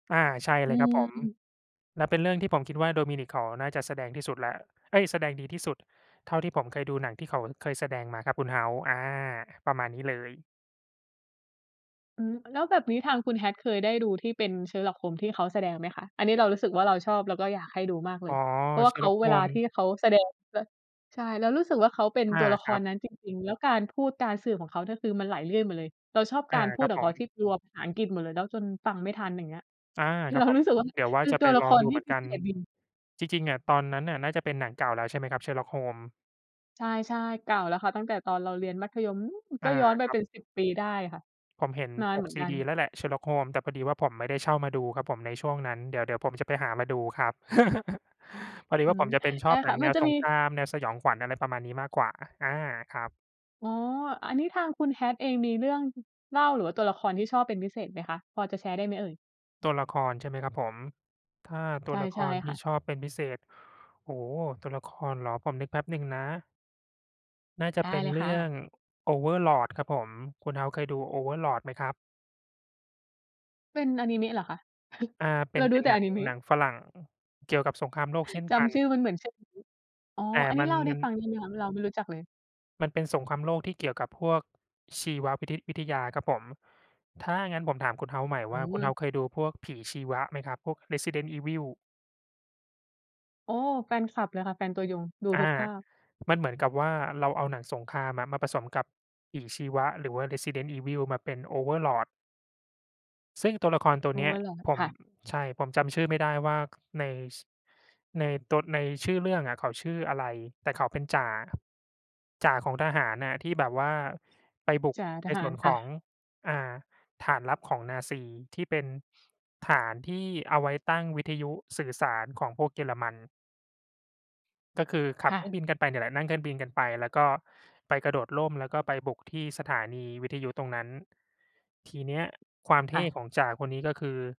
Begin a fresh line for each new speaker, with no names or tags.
อา ใช่
อ
เ
ื
ลยครับผม
ม
แล้วเป็นเรื่องที่ผมคิดว่า Dominic เขาน่าจะแสดงที่สุดแล้ว เอ๊ย แสดงดีที่สุดเท่าที่ผมเคยดูหนังที่เขาเคยแสดงมาครับคุณเฮาส์ อา ประมาณนี้เลย
อืม แล้วแบบนี้ทางคุณ Hat เคยได้ดูที่เป็น Sherlock Holmes ที่เขาแสดงไหมคะ? อันนี้เรารู้สึกว่าเราชอบ เราก็อยากให้ดูมากเล
อ๋อ
ย เพราะว่าเขา
Sherlock
เวลาที่
Holmes
เขาแสดง แล้ว ใช่ เรารู้สึกว่าเขาเป็น
อา
ตัวละค
ครั
ร
บ
นั้นจริง ๆ แล้วการพูดการสืบของเขาเนี่ย คือมันไหลลื่นหมดเลย เราชอบ
อ
ก
า
ารพ
ค
ู
ร
ด
ับ
ขอ
ผ
งเขา
ม
ที่กลัวภาษาอังกฤษหมดเลย แล้วจนฟังไม่ทัน อย่างเงี้ย
อา
คื
ค
อ
รั
เร
บ
า
ผ
รู
ม
้สึกว่า
เดี๋ยวว่
เ
า
ป็น
จะ
ต
ไป
ัวละ
ลอ
ค
ง
ร
ดู
ท
เ
ี่
หมือน
พ
ก
ิ
ั
เศ
น
ษดิน
จริง ๆ อะ ตอนนั้นน่ะน่าจะเป็นหนังเก่าแล้ว ใช่ไหมครับ Sherlock Holmes?
ใช่ ๆ เก่าแล้วค่ะ ตั้งแต่ตอนเราเรียนมัธยมนู่น
อ
ก็
า
ย้อนไป
คร
เ
ับ
ป็น 10 ปีได้ค่ะ
ผมเห็น
นา
ป
นเห
ก
มือน
ซี
กั
ด
น
ีแล้วแหละ Sherlock Holmes แต่พอดีว่าผมไม่ได้เช่ามาดูครับผมในช่วงนั้น เดี๋ยว เดี๋ยวผมจะไปหามาดูครับ พอดี
อื
ว่าผ
ม
มจะเป็นช
ใช
อ
่
บหน
ค่
ั
ะ
งแ
ม
น
ัน
ว
จะ
ส
มี
งคราม แนวสยองขวัญ อะไรประมาณนี้มากกว่า อา ครับ
อ๋อ อันนี้ทางคุณ Hat เองมีเรื่องเล่า หรือว่าตัวละครที่ชอบเป็นพิเศษไหมคะ? พอจะแชร์ได้ไหมเอ่ย?
ตัวละคร ใช่ไหมครับผม ถ้าตั
ใช
ว
่
ละค
ใช่
รท
ค
ี่
่ะ
ชอบเป็นพิเศษ โอ้โฮ ตัวละครเหรอ ผมนึกแป๊บหนึ่งนะ น่าจะ
ได
เป
้
็น
เลย
เรื
ค่
่อง
ะ
Overlord ครับผม คุณ House เคยดู Overlord ไหมครับ?
เป็นอานิเมะเหรอคะ?
อ่า เป็
เร
น
า
เ
ร
ป
ู
็
้
น
แต่
หนั
อา
ง
นิเม
หนั
ะ
งฝรั่งเกี่ยวกับสงครามโลกเช่น
จ
กัน
ำชื่อมันเหมือนชื่ออานิเมะ อ๋อ
แต่
อันนี
มั
้
น
เล่าได
ม
้
ัน
ฟังได้ไหมคะ เราไม่รู้จักเลย?
มันเป็นสงครามโลกที่เกี่ยวกับพวกชีวะวิททิ วิทยาครับผม ถ้างั้นผมถามคุณ House ใหม่
อื
ว่า คุณ
ม
House เคยดูพวกผีชีวะไหมครับ พวก Resident Evil?
โอ้ แฟนคลับเลยค่ะ แฟนตัวยง ดู
อ
ทุ
า
กภาค
มันเหมือนกับว่า เราเอาหนังสงครามอะมาผสมกับผีชีวะ หรือว่า Resident Evil มาเป็น Overlord ซึ่งตัวละครตัวเนี้ย
Overlord
ผ
ค
ม
่ะ
ใช่ ผมจำชื่อไม่ได้ว่า ค ใน ส ในตัว ในชื่อเรื่องอะเขาชื่ออะไร แต่เขาเป็นจ่า จ่าของทหารอะที่แบบว่าไปบุก
จ่า
ใ
ท
น
ห
ส
า
่ว
ร
น
ค
ข
่
อ
ะ
ง อ่า ฐานลับของนาซี ที่เป็นฐานที่เอาไว้ตั้งวิทยุสื่อสารของพวกเยอรมัน ก็คือขั
ค
บ
่
เครื่อ
ะ
งบินกันไปเนี่ยแหละ นั่งเครื่องบินกันไป แล้วก็ไปกระโดดร่ม แล้วก็ไปบุกที่สถานีวิทยุตรงนั้น ทีเนี้ยความเท
ค่
่
ะ
ของจ่าคนนี้ ก็คือ